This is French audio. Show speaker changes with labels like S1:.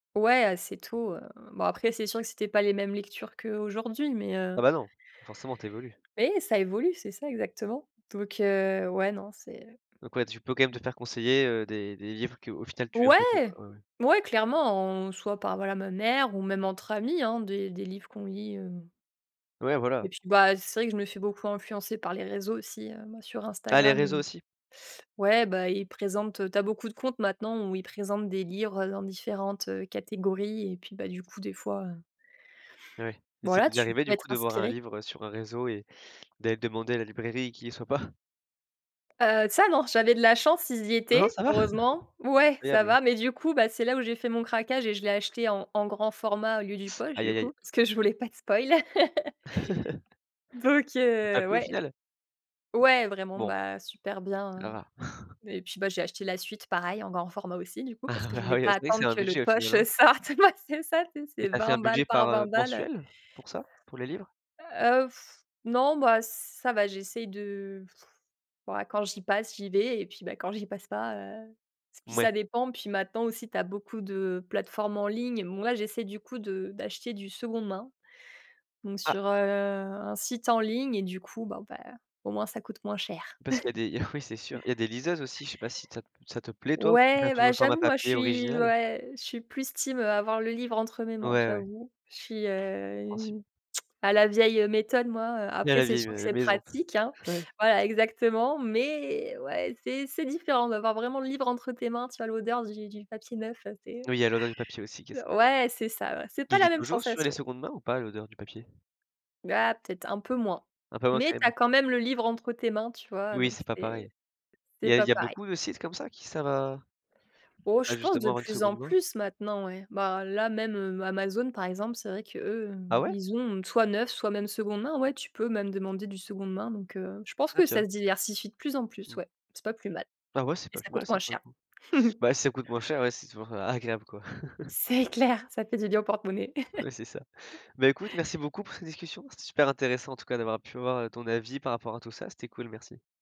S1: Ouais, heu, c'est tout, heu, bon, après, c'est sûr que c'étaient pas les mêmes lectures qu'aujourd'hui, mais heu
S2: Ah, bah, non, forcément, tu évolues.
S1: Ouais, ça évolue, c'est ça, exactement, donc heu, ouais, non, c'est, heu.
S2: Donc ouais, tu peux quand même
S1: Mmh.
S2: te faire conseiller, heu, des des livres qu'au final tu aimes beaucoup,
S1: Ouais,
S2: quoi. Ouais, ouais.
S1: ouais, clairement, on soit par, voilà, ma mère ou même entre amis, hein, des des livres qu'on lit, heu
S2: Ouais, voilà.
S1: et puis, bah, c'est vrai que je me fait beaucoup influencer par les réseaux aussi, heu, moi, sur
S2: Ah! Les
S1: Instagram,
S2: réseaux
S1: heu,
S2: aussi?
S1: ouais, bah ils présentent, heu tu as beaucoup de comptes maintenant où ils présentent des livres, heu, dans différentes, heu, catégories, et puis, bah, du coup, des fois, heu
S2: Ouais, mais c'est
S1: voilà,
S2: déjà
S1: tu
S2: arrivé,
S1: peux
S2: du
S1: être
S2: coup, de voir un
S1: inspiré.
S2: livre sur un réseau et d'aller demander à la librairie, et qu'il y soit pas?
S1: Heu, ça, non, j'avais de la chance, ils y
S2: Non, non,
S1: étaient.
S2: ça va?
S1: Heureusement, ouais, ça
S2: Agréable.
S1: va, mais du coup, bah, c'est là où j'ai fait mon craquage, et je l'ai acheté en en grand format au lieu du poche,
S2: Aïe,
S1: du
S2: aïe, aïe.
S1: coup, parce que je voulais pas de spoile donc
S2: Ça t'a
S1: heu,
S2: plu, au
S1: ouais.
S2: final?
S1: Ouais, vraiment,
S2: Bon.
S1: bah, super bien,
S2: Là.
S1: heu, et puis, bah, j'ai acheté la suite, pareil, en grand format, aussi du coup, parce que je
S2: Ah
S1: voulais
S2: oui,
S1: pas
S2: c'est vrai que c'est
S1: attendre
S2: un
S1: que le
S2: budget, au final,
S1: poche,
S2: hein?
S1: heu, sorte. Ouais, c'est ça, tu sais,
S2: Et
S1: c'est
S2: tu as fait un
S1: 20 balles
S2: budget, par,
S1: par
S2: heu,
S1: 20 balles, heu.
S2: mensuel, pour ça, pour les livres?
S1: Heu, non, bah, ça va. J'essaye de, ouah, quand j'y passe, j'y vais, et puis, bah, quand j'y passe pas, heu, et puis
S2: Mouais.
S1: ça dépend. Puis, maintenant, aussi, tu as beaucoup de plateformes en ligne. Moi, j'essaie, du coup, de d'acheter du seconde main, donc
S2: Ah!
S1: sur, heu, un site en ligne, et du coup, bon, ben, au moins, ça coûte moins cher.
S2: Parce qu'il y a des oui, c'est sûr. Il y a des liseuses aussi. Je sais pas si ça ça te plaît, toi, ou tu préfères
S1: Ouais,
S2: toujours
S1: bah,
S2: le format
S1: j'avoue, moi, je
S2: papier
S1: suis,
S2: original?
S1: ouais, je suis plus team à avoir le livre entre mes mains,
S2: Ouais, ouais.
S1: j'avoue. Je suis, heu,
S2: Compréhensible.
S1: une à la vieille, heu, méthode, moi, heu,
S2: Il y a
S1: après,
S2: la
S1: c'est
S2: vieille,
S1: sûr que
S2: heu,
S1: c'est
S2: maison.
S1: pratique, hein.
S2: Ouais.
S1: Voilà, exactement, mais ouais, c'est c'est différent d'avoir vraiment le livre entre tes mains. Tu as l'odeur du du papier neuf, c'est
S2: Oui, il y a l'odeur du papier aussi qui est ça.
S1: ouais, c'est ça, ouais, c'est pas
S2: Il y
S1: la
S2: est
S1: même
S2: toujours sur les
S1: sensation.
S2: secondes mains, ou pas l'odeur du papier?
S1: Bah, peut-être, un peu moins,
S2: Un peu moins, quand
S1: mais tu as
S2: même.
S1: quand même le livre entre tes mains, tu vois?
S2: Oui,
S1: Donc
S2: c'est pas
S1: c'est
S2: pareil. Il
S1: c'est
S2: y a il
S1: pas
S2: y a
S1: pareil.
S2: beaucoup de sites comme ça qui servent à
S1: Oh, je
S2: à
S1: pense,
S2: justement
S1: de
S2: avoir une
S1: plus
S2: seconde
S1: en
S2: main?
S1: plus, maintenant, ouais. Bah, là, même, heu, Amazon, par exemple, c'est vrai qu'eux, heu,
S2: Ah ouais?
S1: ils ont soit neuf, soit même seconde main. Ouais, tu peux même demander du seconde main, donc heu, je pense
S2: Ah,
S1: que ça
S2: tiens!
S1: se diversifie de plus en plus,
S2: Mmh.
S1: ouais. C'est pas plus mal
S2: Ah ouais, c'est
S1: et
S2: pas
S1: ça
S2: plus mal,
S1: coûte
S2: ça,
S1: moins
S2: pour le
S1: cher.
S2: coup. Bah, si ça coûte moins cher, ouais, c'est toujours a agréable, quoi.
S1: C'est clair, ça fait du bien au porte-monnaie.
S2: Ouais, c'est ça. Bah, écoute, merci beaucoup pour cette discussion. C'était super intéressant, en tout cas, d'avoir pu avoir ton avis par rapport à tout ça. C'était cool, merci.